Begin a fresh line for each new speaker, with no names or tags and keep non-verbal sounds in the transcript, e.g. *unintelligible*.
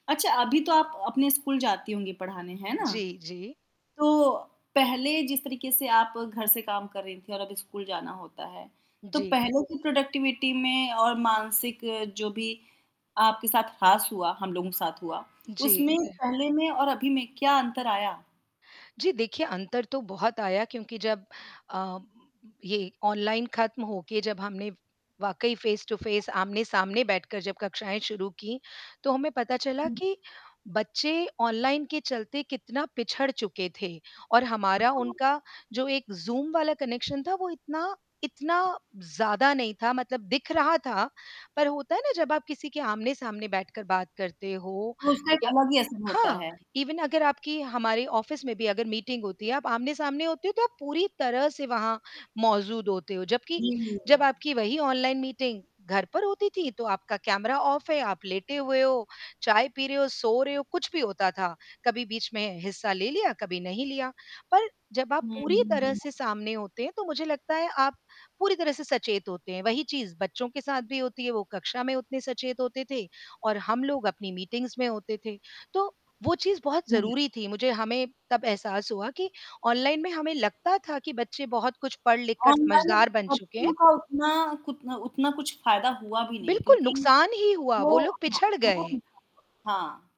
अच्छा, अभी तो आप अ, अपने स्कूल जाती होंगी पढ़ाने, है ना?
जी, जी।
तो, पहले जिस तरीके से आप घर से काम कर रही थी और अब स्कूल जाना होता है, तो
जी।
पहले की प्रोडक्टिविटी में और मानसिक जो भी, आपके साथ हास हुआ, हम लोगों के साथ हुआ,
जी,
उसमें,
जी।
पहले में और अभी में क्या अंतर आया?
जी देखिए, अंतर तो बहुत आया क्योंकि जब अ, ये ऑनलाइन ख़त्म होके जब हमने, वाक़ई फ़ेस टू फ़ेस, आमने-सामने बैठकर जब कक्षाएँ शुरू की, तो हमें पता चला
जी।
कि, बच्चे ऑनलाइन के चलते कितना पिछड़ चुके थे और हमारा
*unintelligible*
उनका जो एक ज़ूम वाला कनेक्शन था वो इतना इतना ज़्यादा नहीं था मतलब दिख रहा था, पर होता है ना जब आप किसी के आमने-सामने बैठकर बात करते हो
तो उसका एक
या
अलग ही असर होता
हाँ,
है।
इवन अगर आपकी हमारे ऑफ़िस में भी अगर मीटिंग होती है, आप आमने-सामने होते हो, तो आप पूरी तरह से वहाँ मौजूद होते हो, जबकि
जी, जी।
जब आपकी वही ऑनलाइन मीटिंग घर पर होती थी, तो आपका कैमरा ऑफ है, आप लेटे हुए हो, चाय पी रहे हो, सो रहे हो, कुछ भी होता था, कभी बीच में हिस्सा ले लिया, कभी नहीं लिया, पर जब आप
हुँ,
पूरी
हुँ,
तरह
हुँ।
से सामने होते हैं, तो मुझे लगता है आप पूरी तरह से सचेत होते हैं, वही चीज़ बच्चों के साथ भी होती है, वो कक्षा में उतने सचेत होते थे और हम लोग अपनी मीटिंग्स में होते थे, तो वो चीज़ बहुत
हुँ।
ज़रूरी थी मुझे हमें तब एहसास हुआ कि ऑनलाइन में हमें लगता था कि बच्चे बहुत कुछ पढ़-लिख कर
ऑनलाइन
समझदार बन चुके हैं।
बच्चों का उतना कुतना उतना कुछ फ़ायदा हुआ भी नहीं
बिल्कुल
क्योंकि,
नुकसान ही हुआ,
वो
वो लोग
हाँ,
पिछड़
वो
गए।
*unintelligible* हाँ।